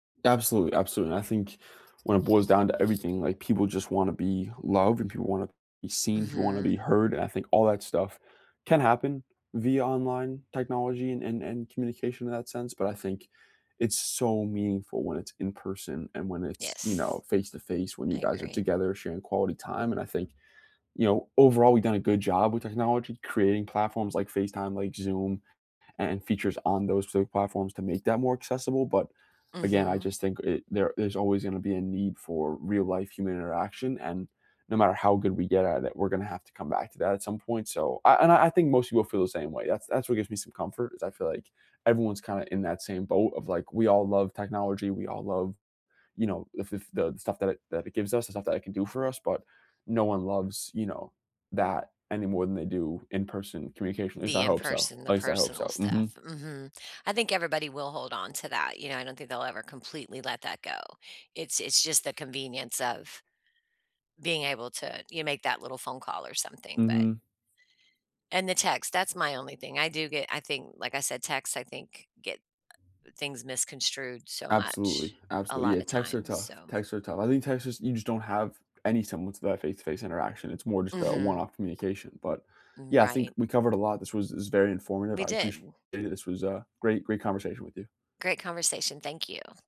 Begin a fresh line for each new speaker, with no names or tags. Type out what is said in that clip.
Absolutely, absolutely, and I think when it boils down to everything, like, people just wanna be loved, and people wanna be seen, people wanna be
Mhm.
heard, and I think all that stuff can happen via online technology and and and communication, in that sense, but I think it's so meaningful when it's in-person, and when it's, you know,
Yes.
face-to-face, when you
I
guys are
agree.
together sharing quality time, and I think, you know, overall, we've done a good job with technology, creating platforms like FaceTime, like Zoom, a and features on those so platforms to make them more accessible, but again, I
Mhm.
just think i there there's always gonna be a need for real life human interaction, and no matter how good we get at it, we're gonna have to come back to that at some point, so, I I a and I think most people feel the same way, that's that's what gives me some comfort is I feel like everyone's kinda in that same boat of, like, we all love technology, we all love, you know if if the stuff that that it gives us, the stuff that it can do for us, but no one loves, you know, that any more than they do in-person communication at least
The
I hope so.
in-person
At
the
least I hope
personal
so,
stuff.
mhm.
Mhm. I think everybody will hold on to that, you know, I don't think they'll ever completely let that go. It's it's just the convenience of being able to you make that little phone call or something, but
Mhm.
and the text, that's my only thing I do get I think like I said, text, I think, get, uh things misconstrued so much,
Absolutely.
a
Absolutely,
lot
yeah.
of
Texts are
times,
tough,
so
texts are tough. I think text is you just don't have any similar to that face-to-face interaction, it's more just a
Mhm.
one-off communication, but,
Mm
yeah, I think
right.
we covered a lot, this was this was very informative,
We
I appreciate
did.
it. This was a great great conversation with you.
Great conversation, thank you.